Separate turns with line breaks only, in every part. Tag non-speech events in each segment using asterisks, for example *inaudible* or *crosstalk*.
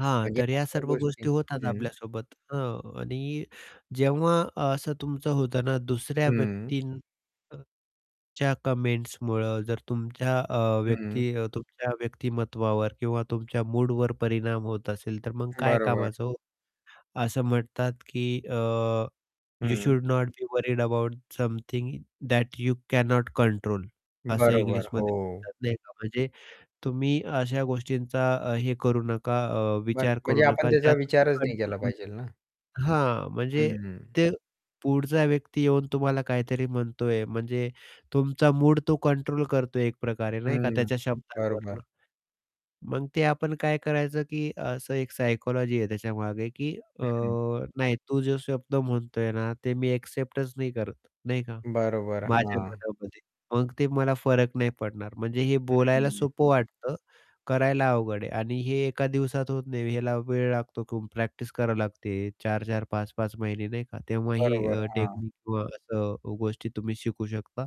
हां,
म्हणजे
तर या
अशा
सर्व
गोष्टी
गोष्टी होतात
हं.
आपल्यासोबत, हां आणि जेव्हा असं तुमचं होतं ना दुसऱ्या
हं.
व्यक्तीं अ, ...च्या कमेंट्समुळं जर तुमच्या अ,
हं.
व्यक्ती अ, तुमच्या व्यक्तिमत्त्वावर किंवा तुमच्या मूडवर परिणाम होत असेल, तर मग काय
बरोबर.
कामाचं हो! असं म्हणतात की अ, यू
हं.
Should not be worried about something that you cannot control असं
बरोबर,
इंग्लिशमध्ये
हो.
म्हणतात नाही का, म्हणजे तुम्ही अशा गोष्टींचा अ, हे करू नका अ,
मग
विचार करू
म्हणजे आपण
नका
त्याचा
ज्या *unintelligible*
विचारच नाही केला
कंट्रोल
पाहिजे ना.
*unintelligible* हां, म्हणजे
हं.
ते पुढचा व्यक्ती येऊन तुम्हाला काहीतरी म्हणतोय म्हणजे तुमचा मूड तो कंट्रोल करतोय एकप्रकारे नाही का
हं,
त्याच्या शब्दांवरून.
बरोबर.
मग ते आपण काय करायचं की असं एक सायकॉलॉजी आहे त्याच्यामागे की अ,
हं.
नाही तू जो शब्द म्हणतोय ना ते मी एक्सेप्टच नाही करत नाही का.
बरोबर,
माझ्या
हां.
मनामध्ये मग ते मला फरक नाही पडणार. म्हणजे हे
हं,
बोलायला
हं.
सोपं वाटतं, करायला अवघड आहे आणि हे एका दिवसात होत नाही. ह्याला वेळ लागतो किंवा प्रॅक्टिस करावी लागते 4-4, 5-5 महिने नाही का. तेव्हा ही
बरोबर,
अ,
हां.
टेक्निक किंवा असं अ, गोष्टी तुम्ही शिकू शकता.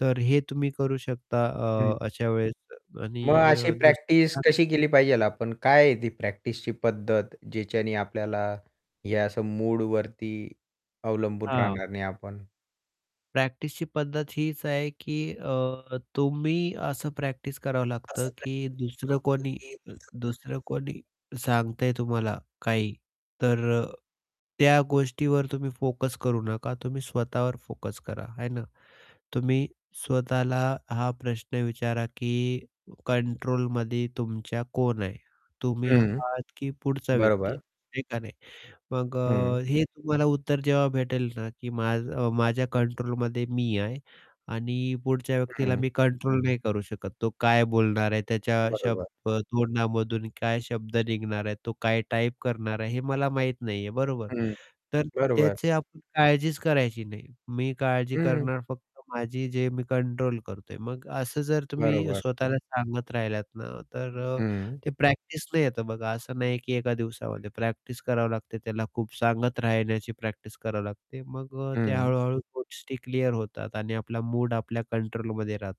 तर हे तुम्ही करू शकता अ,
हं.
अशा वेळेस
मग
आणि
अशी
दुसरी
प्रॅक्टिस कशी
*unintelligible*
केली पाहिजे आपण? काय आहे ती प्रॅक्टिसची पद्धत ज्याच्याने आपल्याला हे असं मूडवरती अवलंबून
हां.
राहणार नाही आपण?
प्रॅक्टिसची पद्धत हीच आहे की अ, तुम्ही असं प्रॅक्टिस करावं लागतं
असं
की दुसरं कोणी
काय
अ,
*unintelligible*
दुसरं कोणी सांगतंय तुम्हाला काही, तर अ, त्या गोष्टीवर तुम्ही फोकस करू नका. तुम्ही स्वतःवर फोकस करा है ना. तुम्ही स्वतःला हा प्रश्न विचारा की कंट्रोलमध्ये तुमच्या कोण आहे? तुम्ही
हं,
आहात की पुढचा व्यक्ती आहे?
बरोबर.
आहे का नाही? मग अ,
हं.
हे तुम्हाला उत्तर जेव्हा भेटेल ना की माझ अ, माझ्या कंट्रोलमध्ये मी आहे आणि पुढच्या व्यक्तीला
हं.
मी कंट्रोल नाही करू शकत. तो काय बोलणार आहे, त्याच्या
बरोबर.
शब्द तोंडामधून काय शब्द निघणार आहे, तो काय टाईप करणार आहे, हे मला माहीत नाहीये, बरोबर?
हं,
तर
बरोबर.
त्याची आपण काळजीच करायची नाही. मी काळजी
हं.
करणार फक्त माझी, जे मी कंट्रोल करतोय. मग असं जर तुम्ही
बरोबर.
स्वतःला सांगत राहिलात ना तर अ,
हं.
ते प्रॅक्टिसने येतं. बघा, असं नाही आहे की एका दिवसामध्ये. प्रॅक्टिस करावी लागते. त्याला खूप सांगत राहण्याची प्रॅक्टिस करावी लागते. मग अ, ते
हं.
हळू-हळू गोष्टी क्लिअर होतात आणि आपला मूड आपल्या कंट्रोलमध्ये राहतो.